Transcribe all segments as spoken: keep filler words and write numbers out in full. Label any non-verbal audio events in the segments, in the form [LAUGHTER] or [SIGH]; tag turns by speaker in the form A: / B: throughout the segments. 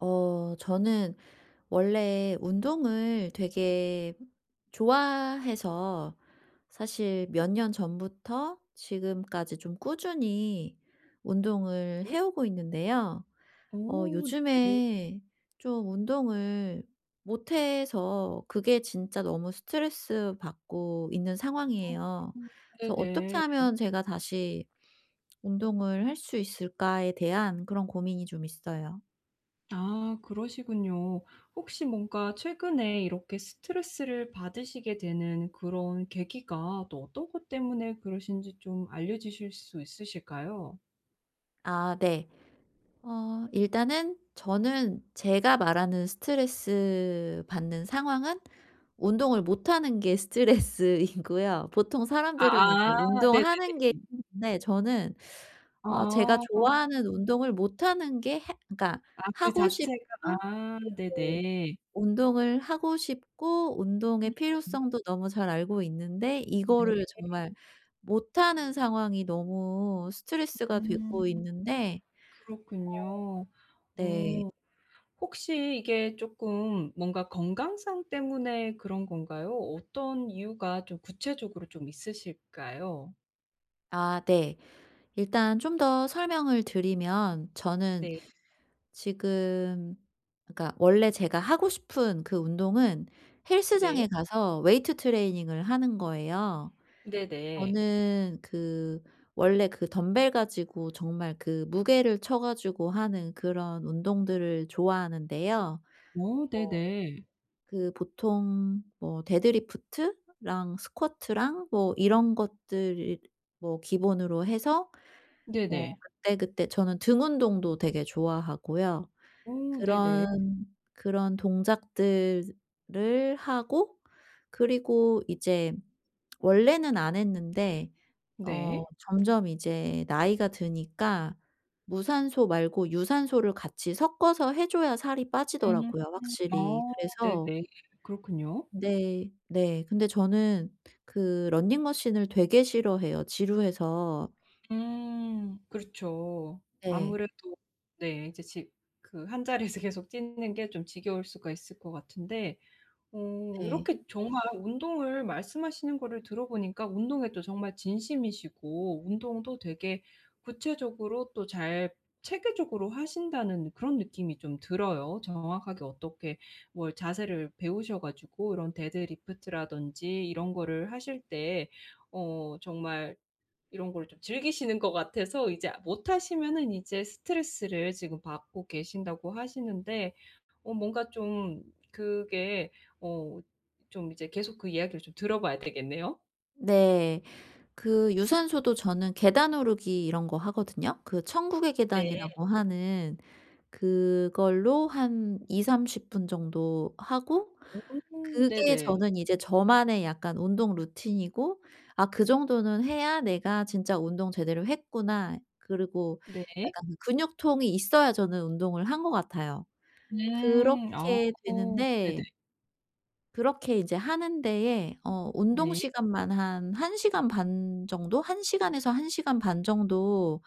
A: 어 저는 원래 운동을 되게 좋아해서 사실 몇 년 전부터 지금까지 좀 꾸준히 운동을
B: 예?
A: 해 오고 있는데요. 어
B: 어 네네.
A: 요즘에 좀 운동을 못해서 그게 진짜 너무 스트레스 받고 있는 상황이에요.
B: 어
A: 그래서 '어떻게
B: 네네.
A: 하면 제가 다시 운동을 할 수 있을까.‘에 대한 그런 고민이 좀 있어요.
B: 아 그러시군요. 혹시 뭔가 최근에 이렇게 스트레스를 받으시게 되는 그런 계기가 또 어떤 것 때문에 그러신지 좀 알려 주실 수 있으실까요?
A: 아 네. 어 일단은 저는 제가 말하는 스트레스 받는 상황은 운동을 못하는 게 스트레스이고요. 보통 사람들은 이제
B: 아아
A: 운동하는 게
B: 네네네.
A: 힘든데 저는 어 제가
B: 아아.
A: 좋아하는 운동을 못하는 게 해 그러니까
B: 아 그
A: 하고
B: 자체가
A: 싶고
B: 아
A: 네네
B: 네네.
A: 운동을 하고 싶고 운동의
B: [UNINTELLIGIBLE]
A: 필요성도 너무 잘 알고 있는데 이거를
B: 네.
A: 정말 못하는 상황이 너무 스트레스가
B: 음.
A: 되고 있는데
B: 그렇군요.
A: 어
B: 어
A: 네.
B: 혹시 이게 쪼끔 뭔가 건강상 때문에 그런 건가요? 어떤 이유가 좀 구체적으로 좀 있으실까요?
A: 아 네. 일단 좀 더 설명을 드리면 저는
B: 네.
A: 지금 그러니까 원래 제가 하고 싶은 그 운동은
B: 네.
A: 헬스장에 가서 weight training을 하는 거예요.
B: 네네.
A: 저는 그 원래 그 덤벨 가지고 정말 그 무게를 쳐 가지고 하는 그런 운동들을 좋아하는데요. 뭐
B: 어 네네.
A: 그 보통 뭐 데드리프트랑 스쿼트랑 뭐 이런 것들을 뭐 기본으로 해서 뭐
B: 네네.
A: 그때그때 저는 등 운동도 되게 좋아하고요.
B: 어 네네.
A: 그런 그런 동작들을 하고 그리고 이제 원래는 안 했는데 어
B: 네.
A: 점점 이제 나이가 드니까 무산소 말고 유산소를 같이 섞어서 해 줘야 살이
B: 음.
A: 빠지더라고요 확실히.
B: 어. 네네.
A: 그래서
B: 그렇군요.
A: 네. 네. 근데 저는 그 러닝 머신을 되게 싫어해요, 지루해서.
B: 음 그렇죠.
A: 네.
B: 아무래도 네. 이제 지 그 한자리에서 계속 찍는 게 좀 지겨울 수가 있을 것 같은데. 어
A: 네.
B: 이렇게 정말 운동을 말씀하시는 거를 들어 보니까 운동에 또 정말 진심이시고 운동도 되게 구체적으로 또 잘 체계적으로 하신다는 그런 느낌이 좀 들어요. 정확하게 어떻게 뭘 자세를 배우셔 가지고 이런 데드리프트라든지 이런 거를 하실 때 어 정말 이런 거를 좀 즐기시는 것 같아서 이제 못 하시면은 이제 스트레스를 지금 받고 계신다고 하시는데 어 뭔가 좀 그게 어 좀 이제 계속 그 이야기를 좀 들어 봐야 되겠네요.
A: 네. 그 유산소도 저는 계단 오르기 이런 거 하거든요. 그 천국의
B: 네.
A: 계단이라고 하는 그걸로 한 이삼십 분 정도 하고
B: 음.
A: 그게
B: 네네.
A: 저는 이제 저만의 약간 운동 루틴이고 '아 그 정도는 해야 내가 진짜 운동 제대로 했구나.' 그리고
B: 네.
A: 약간 근육통이 있어야 저는 운동을 한 것 같아요.
B: 음. 어.
A: 그렇게
B: 네네.
A: 되는데 그렇게 이제 하는 데에 어 운동
B: 네.
A: 시간만 한 한 시간 반 정도? 한 시간에서 한 시간 반 정도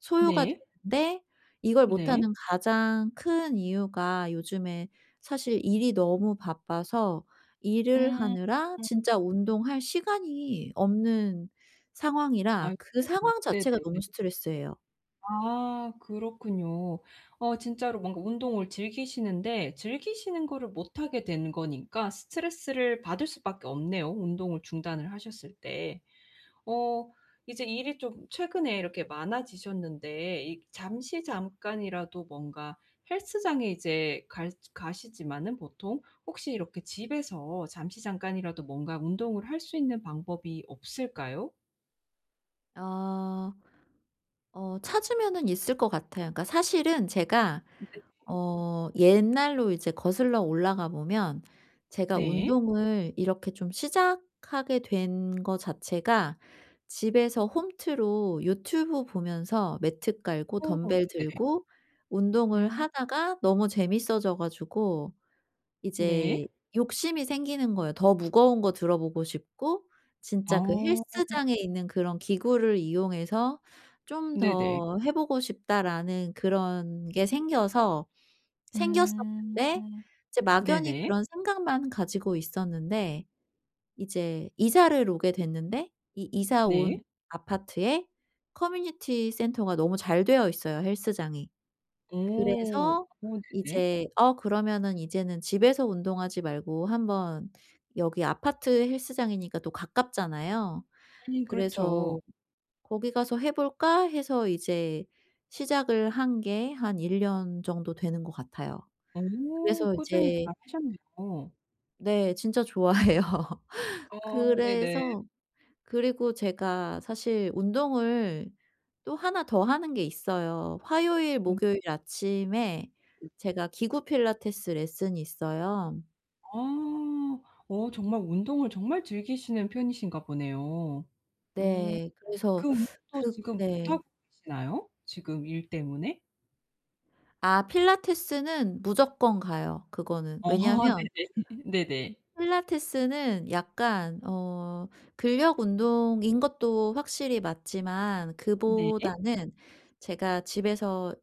A: 소요가
B: 네.
A: 되는데 이걸
B: 네.
A: 못하는 가장 큰 이유가 요즘에 사실 일이 너무 바빠서 일을
B: 음.
A: 하느라 진짜 운동할 시간이 없는 상황이라 그
B: 아이고.
A: 상황 자체가 너무
B: 네네네.
A: 스트레스예요.
B: 아. 그렇군요. 어 진짜로 뭔가 운동을 즐기시는데 즐기시는 거를 못 하게 된 거니까 스트레스를 받을 수밖에 없네요, 운동을 중단을 하셨을 때. 어 이제 일이 좀 최근에 이렇게 많아지셨는데 이 잠시 잠깐이라도 뭔가 헬스장에 이제 갈 가시지만은 보통 혹시 이렇게 집에서 잠시 잠깐이라도 뭔가 운동을 할 수 있는 방법이 없을까요?
A: 어. 어 찾으면은 있을 것 같아요. 그러니까 사실은 제가
B: 네네.
A: 어 옛날로 이제 거슬러 올라가 보면 제가
B: 네.
A: 운동을 이렇게 좀 시작하게 된 거 자체가 집에서 홈트로 유튜브 보면서 매트 깔고
B: 오.
A: 덤벨
B: 네.
A: 들고 운동을
B: 음.
A: 하다가 너무 재미있어져 가지고
B: 네.
A: 이제 욕심이 생기는 거예요. 더 무거운 거 들어보고 싶고 진짜 그
B: 어.
A: 헬스장에 있는 그런 기구를 이용해서 '좀
B: 네네.
A: 더 해 보고 싶다.'라는 그런 게 생겨서
B: 음.
A: 생겼었는데 이제 막연히
B: 네네.
A: 그런 생각만 가지고 있었는데, 이제 이사를 오게 됐는데 이 이사 온
B: 네.
A: 아파트에 커뮤니티 센터가 너무 잘 되어 있어요, 헬스장이.
B: 오.
A: 그래서
B: 오 네네.
A: 이제 어 그러면은 이제는 집에서 운동하지 말고 한번 여기 아파트 헬스장이니까 또 가깝잖아요.
B: 음 그렇죠.
A: 그래서 '거기 가서 해볼까?' 해서 이제 시작을 한 게 한 일 년 정도 되는 것 같아요.
B: 오.
A: 그래서
B: 꾸준히
A: 이제
B: 잘하셨네요.
A: 네, 진짜 좋아해요.
B: 어 네네.
A: 그래서 그리고 제가 사실 운동을 또 하나 더 하는 게 있어요. 화요일
B: 음.
A: 목요일 아침에 제가 기구 필라테스 레슨이 있어요.
B: 아. 어 정말 운동을 정말 즐기시는 편이신가 보네요. 어.
A: 네.
B: 그
A: 그래서 [SUCKS TEETH]
B: 운동도
A: 그
B: 지금
A: 네.
B: 못하고 계시나요, 지금 일 때문에?
A: 아 필라테스는 무조건 가요, 그거는.
B: 어. [LAUGHS]
A: 왜냐면
B: 네네. [LAUGHS] 네네.
A: 필라테스는 약간 어 근력 운동인 것도 확실히 맞지만
B: 네.
A: 그보다는 제가 집에서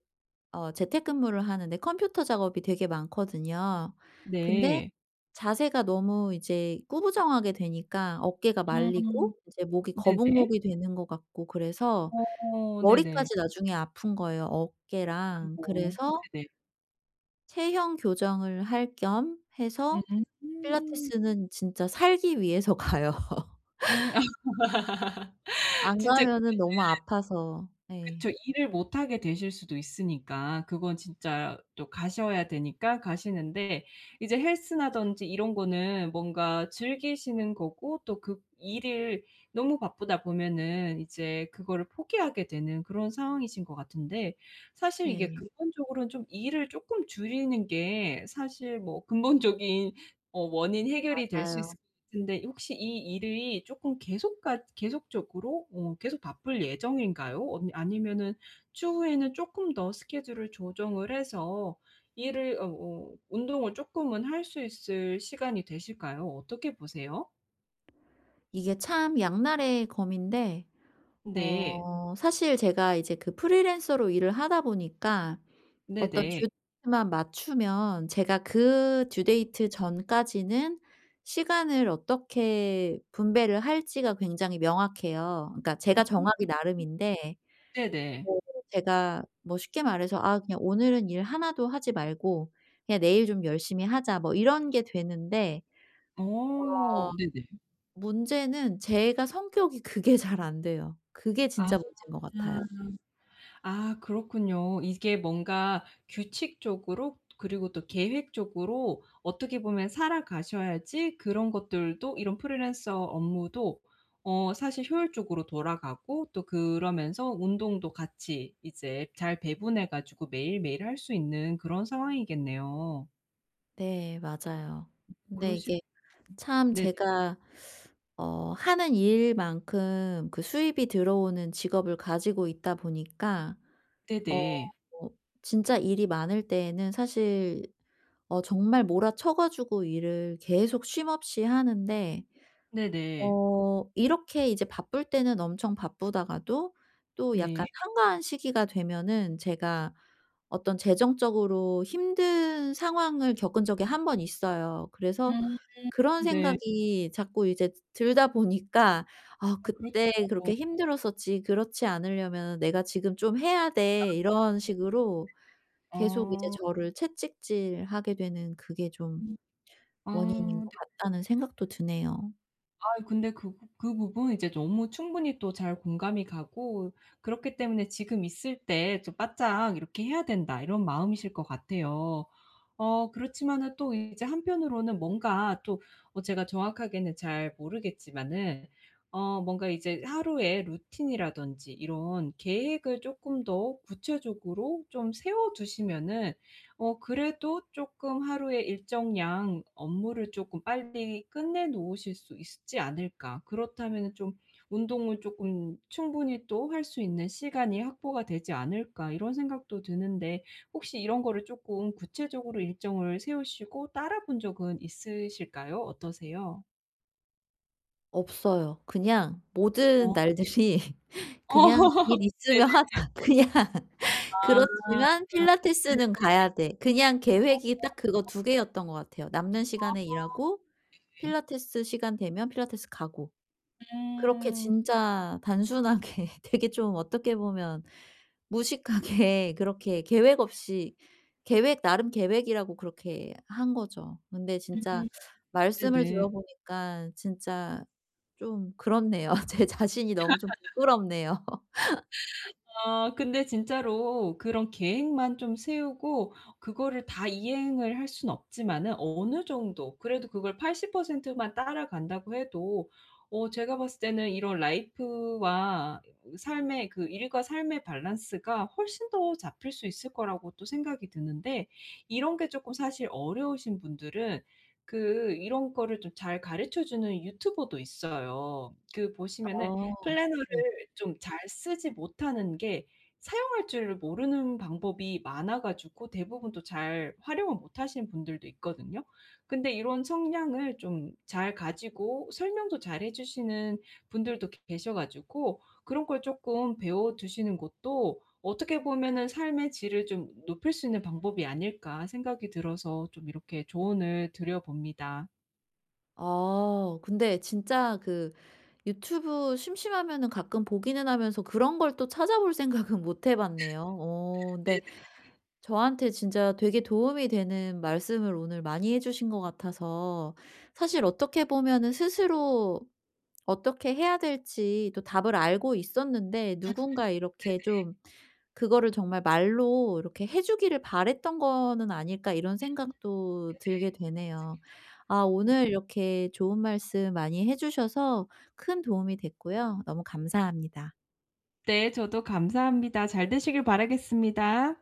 A: 어 재택근무를 하는데 컴퓨터 작업이 되게 많거든요. 근데
B: 네.
A: 자세가 너무 이제 구부정하게 되니까 어깨가
B: 음.
A: 말리고 이제 목이
B: 네네.
A: 거북목이 되는 것 같고 그래서
B: 어. 네네.
A: 머리까지 나중에 아픈 거예요, 어깨랑.
B: 아이고.
A: 그래서
B: 네네.
A: 체형 교정을 할 겸 해서
B: 음.
A: 필라테스는 진짜 살기 위해서 가요.
B: 음.
A: [LAUGHS]
B: [LAUGHS]
A: 안
B: 진짜 그거는
A: 가면은 너무 아파서. 예.
B: 그쵸. 일을 못 하게 되실 수도 있으니까 그건 진짜 또 가셔야 되니까 가시는데, 이제 헬스라든지 이런 거는 뭔가 즐기시는 거고 또 그 일을 너무 바쁘다 보면은 이제 그거를 포기하게 되는 그런 상황이신 것 같은데, 사실 이게
A: 네.
B: 근본적으로는 좀 일을 조금 줄이는 게 사실 뭐 근본적인 어 원인 해결이 될 수
A: 맞아요.
B: 있을 것 같은데, 혹시 이 일이 조금 계속 같 계속적으로 어 계속 바쁠 예정인가요? 어 아니면은 추후에는 쪼끔 더 스케줄을 조정을 해서 일을 어 어 운동을 쪼끔은 할 수 있을 시간이 되실까요? 어떻게 보세요?
A: 이게 참 양날의 검인데.
B: 네.
A: 어 사실 제가 이제 그 프리랜서로 일을 하다 보니까 어떤
B: 네네.
A: due만 맞추면 제가 그 due date 전까지는 시간을 어떻게 분배를 할지가 굉장히 명확해요. 그러니까
B: 음
A: 제가 정하기 나름인데
B: 네네.
A: 네네. 제가 뭐 쉽게 말해서 “아 그냥 오늘은 일 하나 도 하지 말고 그냥 내일 좀 열심히 하자.“ 뭐 이런 게 되는데
B: 어
A: 어
B: 네네.
A: 문제는 제가 성격이 그게 잘 안 돼요. 그게
B: 아.
A: 진짜 문제인 것 같아요.
B: 아 그렇군요. 이게 뭔가 규칙적으로 그리고 또 계획적으로 어떻게 보면 살아가셔야지 그런 것들도 이런 프리랜서 업무도 어 사실 효율적으로 돌아가고 또 그러면서 운동도 같이 이제 잘 배분해 가지고 매일매일 할 수 있는 그런 상황이겠네요.
A: 네 맞아요. 근데
B: 그러시
A: 이게 참
B: 네네.
A: 제가 [SUCKS TEETH] 어 하는 일만큼 그 수입이 들어오는 직업을 가지고 있다 보니까 어
B: 네네.
A: 뭐 진짜 일이 많을 때에는 사실 어 정말 몰아쳐 가지고 일을 계속 쉼 없이 하는데.
B: 네네.
A: 어 이렇게 이제 바쁠 때는 엄청 바쁘다가도 또 약간
B: 네.
A: 한가한 시기가 되면은 제가 어떤 재정적으로 힘든 상황을 겪은 적이 한 번 있어요. 그래서
B: 음
A: 그런
B: 네.
A: 생각이 자꾸 이제 드 들다 보니까 ‘아
B: 아 그렇죠.
A: 그때 그렇게 힘들었었지. 그렇지 않으려면은 내가 지금 좀 해야 돼.‘
B: 아.
A: 이런 식으로 '계속 이제
B: 아.
A: 저를 채찍질하게 되는 그게 좀 원인인
B: 아 네.
A: 것 같다.‘는 생각도 드네요.
B: 아이 근데 그 부 그 부분은 이제 너무 충분히 또 잘 공감이 가고 그렇기 때문에 ‘지금 있을 때 좀 바짝 이렇게 해야 된다.‘ 이런 마음이실 것 같아요. 어 그렇지만은 또 이제 한편으로는 뭔가 또 어 제가 정확하게는 잘 모르겠지만은 어 뭔가 이제 ‘하루에 루틴이라든지 이런 계획을 쪼끔 더 구체적으로 좀 세워 두시면은 어 그래도 쪼끔 하루에 일정량 업무를 쪼끔 빨리 끝내 놓으실 수 있지 않을까? 그렇다면은 좀 운동을 쪼끔 충분히 또 할 수 있는 시간이 확보가 되지 않을까.‘ 이런 생각도 드는데 혹시 이런 거를 쪼끔 구체적으로 일정을 세우시고 따라본 적은 있으실까요? 어떠세요?
A: 없어요. 그냥 모든
B: 어.
A: 날들이 그냥
B: 어.
A: ‘일 있으면 하자
B: 네네네.
A: 그냥.
B: 아.
A: 그렇지만
B: 네네.
A: 필라테스는 가야 돼.‘ 그냥
B: 어어
A: 계획이 딱 그거
B: 어.
A: 두 개였던 것 같아요. 남는
B: 아
A: 시간에 일하고
B: 네.
A: 필라테스 시간 되면 필라테스 가고. 그렇게
B: 음.
A: 진짜 단순하게 되게 좀 어떻게 보면 무식하게 그렇게 계획
B: 음.
A: 없이 계획 나름 계획이라고 그렇게 한 거죠. 근데 진짜
B: 음.
A: 말씀을
B: 네네.
A: 들어 보니깐 진짜 좀 그렇네요. 제 자신이 너무 좀
B: [LAUGHS]
A: 부끄럽네요. [LAUGHS]
B: 아 근데 진짜로 그런 계획만 좀 세우고 그거를 다 이행을 할 수는 없지만은 어느 정도 그래도 그걸 팔십 퍼센트 만 따라간다고 해도 어 제가 봤을 때는 이런 라이프와 삶의 그 일과 삶의 밸런스가 훨씬 더 잡힐 수 있을 거라고 또 생각이 드는데 이런 게 쪼끔 사실 어려우신 분들은 그 이런 거를 좀 잘 가르쳐 주는 유튜버도 있어요. 그 보시면은
A: 어.
B: 플래너를
A: 네.
B: 좀 잘 쓰지 못하는 게 사용할 줄 모르는 방법이 많아 가지고 대부분 또 잘 활용을 못하시는 분들도 있거든요? 근데 이런 성향을 좀 잘 가지고 설명도 잘 해 주시는 분들도 계셔 가지고 ‘그런 걸 쪼끔 배워두시는 것도 어떻게 보면은 삶의 질을 좀 높일 수 있는 방법이 아닐까.‘ 생각이 들어서 좀 이렇게 조언을 드려 봅니다.
A: 아. 근데 진짜 그 유튜브 심심하면은 가끔 보기는 하면서 그런 걸 또 찾아볼 생각은 못 해봤네요. 어.
B: [LAUGHS]
A: 근데
B: 네네.
A: 저한테 진짜 되게 도움이 되는 말씀을 오늘 많이 해 주신 것 같아서 사실 어떻게 보면은 ‘스스로 어떻게 해야 될지 또 답을 알고 있었는데
B: 아.
A: 누군가 이렇게
B: 네네.
A: 좀 그거를 정말 말로 이렇게 해 주기를 바랬던 거는 아닐까.‘ 이런
B: 음. 네네.
A: 생각도 들게 되네요.
B: 맞습니다.
A: 아
B: 네.
A: 오늘 이렇게 좋은 말씀 많이 해 주셔서 큰 도움이 됐고요. 너무 감사합니다.
B: 네. 저도 감사합니다. 잘 되시길 바라겠습니다.